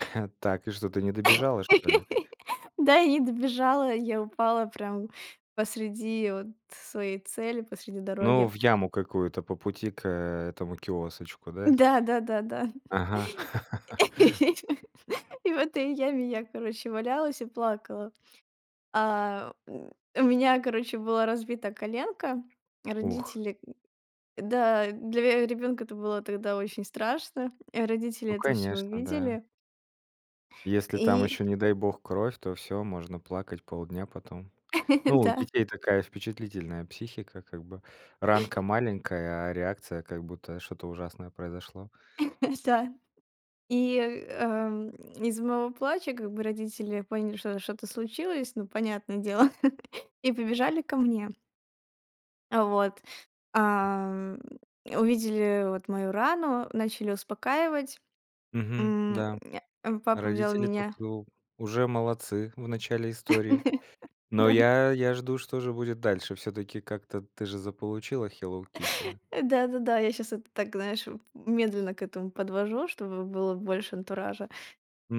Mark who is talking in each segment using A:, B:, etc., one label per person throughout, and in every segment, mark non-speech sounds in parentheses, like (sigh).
A: (chuckles) Так, и что, ты не добежала, что ли?
B: (laughs) Да, и добежала. Я упала прям посреди вот своей цели, посреди
A: Ну,
B: дороги.
A: в яму какую-то по пути к, э, этому киосочку,
B: М,
A: да?
B: да, да, да, да.
A: Ага. (laughs)
B: (laughs) И в этой яме я, короче, валялась и плакала. А, м, у меня, короче, была разбита коленка. А
A: Ух.
B: родители м, да, для ве ребёнка это было тогда очень страшно. А родители
A: Ну,
B: это всё
A: конечно, да.
B: увидели.
A: Если там
B: И
A: ещё, не дай бог, кровь, то всё, можно плакать полдня потом. Ну,
B: (laughs)
A: у
B: Да.
A: детей такая впечатлительная психика, как бы ранка маленькая, а реакция как будто что-то ужасное произошло.
B: (chuckles) Да, и, эм, из моего плача, как бы, родители поняли, что что-то случилось, ну, понятное дело, (chuckles) и побежали ко мне. А вот. Ам, э, увидели вот мою рану, начали успокаивать.
A: Мгм,
B: М,
A: да,
B: а, папа взял
A: родители тут
B: меня
A: у уже молодцы в начале истории.
B: (chuckles)
A: Но
B: Да.
A: я я жду, что же будет дальше. Всё-таки как-то ты же заполучила Hello Kitty.
B: Э, да-да-да, я сейчас это так, знаешь, м медленно к этому подвожу, чтобы было больше антуража.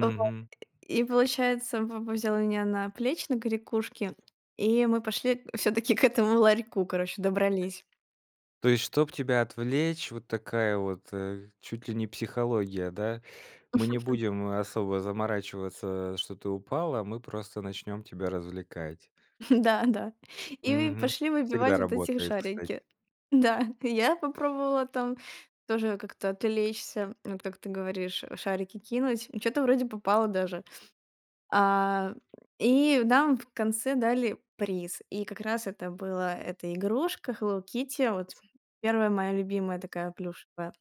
B: Вот (grunts) и получается, папа взял меня на плечи, на корякушки, и мы пошли в всё-таки к этому ларьку, короче, добрались.
A: То есть, чтоб тебя отвлечь, вот такая вот, э, чуть ли не психология, да? Мы не
B: (chuckles)
A: будем, э, особо заморачиваться, что ты упала, мы просто начнем тебя развлекать.
B: (chuckles) Да, да. И и
A: Мгм,
B: пошли
A: всегда
B: выбивать вот эти
A: работает, кстати.
B: шарики. Да, (chuckles) и я попробовала там тоже как-то отвлечься, вот как ты говоришь, а, шарики кинуть, и что-то вроде попало даже. А, и нам в конце дали приз. И как раз это была эта игрушка Hello Kitty, вот 1 моя любимая такая плюшевая.